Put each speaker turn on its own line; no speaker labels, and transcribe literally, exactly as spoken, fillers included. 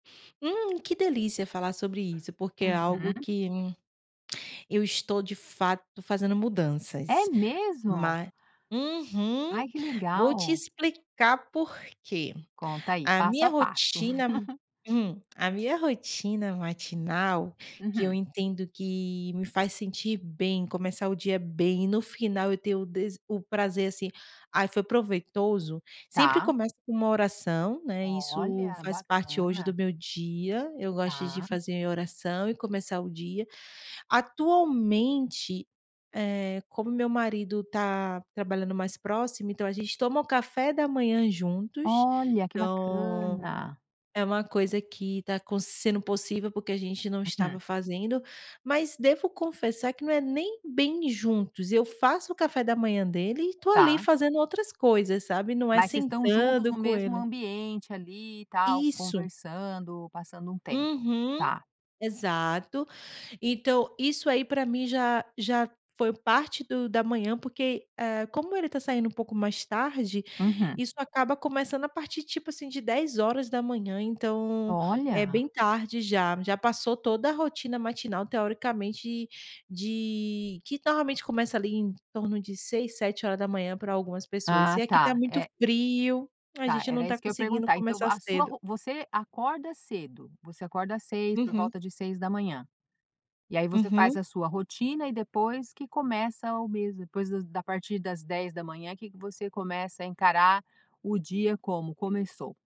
Hum, que delícia falar sobre isso, porque é algo
Uhum.
que eu estou de fato fazendo
É
mudanças.
mesmo?
Mas uhum,
Ai, que
vou te
legal.
explicar por que.
Conta aí,
A
passo
minha
a passo.
rotina hum, a minha rotina matinal, que eu
Uhum.
entendo que me faz sentir bem, começar o dia bem e no final eu tenho o dese o prazer assim: "Ai, foi proveitoso", sempre
Tá.
começa com uma oração, né, isso
Olha,
faz parte, hoje,
bacana.
do meu dia, eu gosto de
Tá.
fazer oração e começar o dia. Atualmente, eh, como meu marido tá trabalhando mais próximo, então a gente toma um café da manhã juntos,
Olha, que
então,
bacana.
é uma coisa que está sendo possível, porque a gente não estava
Uhum.
fazendo, mas devo confessar que, não é nem bem juntos, eu faço o café da manhã dele e tô ali
Tá.
fazendo outras coisas, sabe. Não é
Mas vocês estão juntos
sentando
no
com
mesmo
ele
ambiente, ali e tal,
Isso.
conversando, passando um tempo,
Uhum.
tá.
Exato, então, isso aí para mim já já foi parte do da manhã porque, ah, como ele está saindo um pouco mais tarde,
Uhum.
isso acaba começando a partir, tipo, assim, de dez da manhã, então, é
Olha.
bem tarde já, já passou toda a rotina matinal, teoricamente, de que normalmente começa ali em torno de seis, sete hora da manhã para algumas pessoas
Ah,
e aqui está
tá,
muito
eh
frio, a
Tá.
gente não
Era
está
isso que eu ia
conseguindo
perguntar. Então,
começar
a sua
cedo.
você acorda cedo, você acorda às seis, por
Uhum.
volta de seis da manhã. E aí você faz
Uhum.
a sua rotina e depois que começa o mesmo depois das da partir das dez da manhã, que que você começa a encarar o dia como: "Começou!".